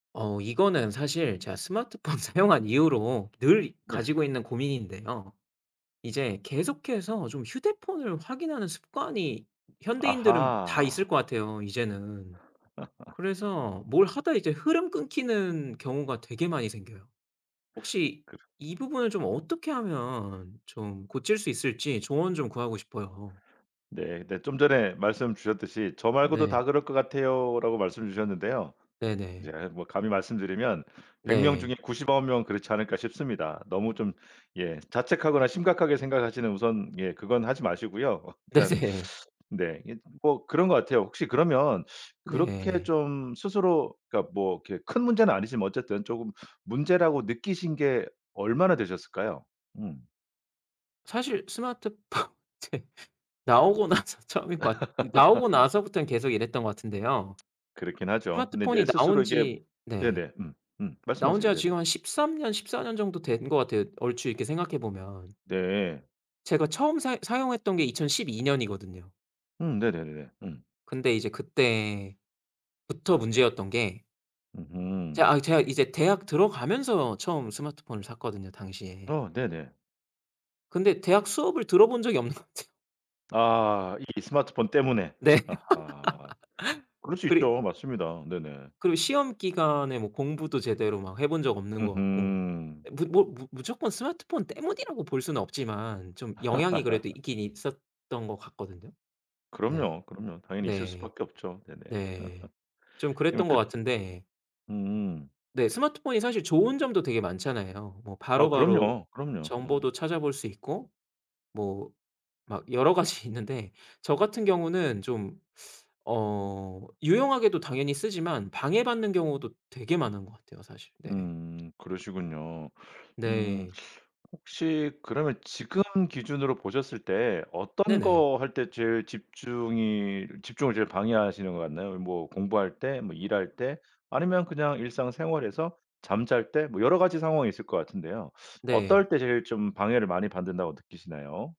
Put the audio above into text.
어 이거는 사실 제가 스마트폰 사용한 이후로 늘 예. 가지고 있는 고민인데요. 이제 계속해서 좀 휴대폰을 확인하는 습관이 현대인들은 다 있을 아하. 것 같아요, 이제는. 그래서 뭘 하다 이제 흐름 끊기는 경우가 되게 많이 생겨요. 혹시 그러 이 부분을 좀 어떻게 하면 좀 고칠 수 있을지 조언 좀 구하고 싶어요. 네. 네. 좀 전에 말씀 주셨듯이 "저 말고도 네. 다 그럴 것 같아요."라고 말씀 주셨는데요. 이제 네네. 뭐 감히 말씀드리면 100 명 네. 중에 99 명은 그렇지 않을까 싶습니다. 너무 좀 예 자책하거나 심각하게 생각하시는 우선 예 그건 하지 마시고요. 일단 네네. 네. 이게 좀 뭐 그런 거 같아요. 혹시 그러면 그렇게 네. 좀 스스로 그니까 뭐 그렇게 큰 문제는 아니지만 뭐 어쨌든 쪼금 문제라고 느끼신 게 얼마나 되셨을까요? 음. 사실 스마트폰 제 나오고 나서 처음인 것 같 이 나오고 나서부턴 계속 이랬던 것 같은데요. 그렇긴 하죠. 근데 이제 스마트폰이 나온 스스로 이게 지 네. 네네. 음. 음. 나온 말씀하세요. 지가 네네. 지금 한 13 년 14 년 정도 된 것 같아요, 얼추 이렇게 생각해 보면. 네. 제가 처음 사용 사용했던 게 2012 년이거든요. 음. 네네네네. 음. 근데 이제 그때부터 문제였던 게 이제 으음. 아 제가 이제 대학 들어가면서 처음 스마트폰을 샀거든요, 당시에. 어. 네네. 근데 대학 수업을 들어 본 적이 없는 것 같아요. 아 이 이 스마트폰 때문에? 네. 아하. 그럴 수 그리 있죠. 맞습니다. 네네. 그리고 시험 기간에 뭐 공부도 제대로 막 해 본 적 없는 것 같고. 으흠. 예 무 뭐 무 무조건 스마트폰 때문이라고 볼 수는 없지만 좀 영향이 그래도 있긴 있었던 것 같거든요. 네. 그럼요, 그럼요. 당연히 있을 네. 수밖에 없죠. 네네. 네. 좀 그러면 그랬던 것 그 같은데 음음. 네. 스마트폰이 사실 좋은 점도 되게 많잖아요. 뭐 아 바로바로 그럼요. 그럼요. 정보도 음. 찾아볼 수 있고 뭐 막 여러 가지 있는데 저 같은 경우는 좀 어 유용하게도 당연히 쓰지만 방해받는 경우도 되게 많은 것 같아요, 사실. 네. 음 그러시군요. 음. 네. 혹시 그러면 지금 기준으로 보셨을 때 어떤 네네. 거 할 때 제일 집중이 집중을 제일 방해하시는 것 같나요? 뭐 공부할 때? 뭐 일할 때? 아니면 그냥 일상생활에서? 잠잘 때? 뭐 여러 가지 상황이 있을 것 같은데요. 네. 어떨 때 제일 좀 방해를 많이 받는다고 느끼시나요?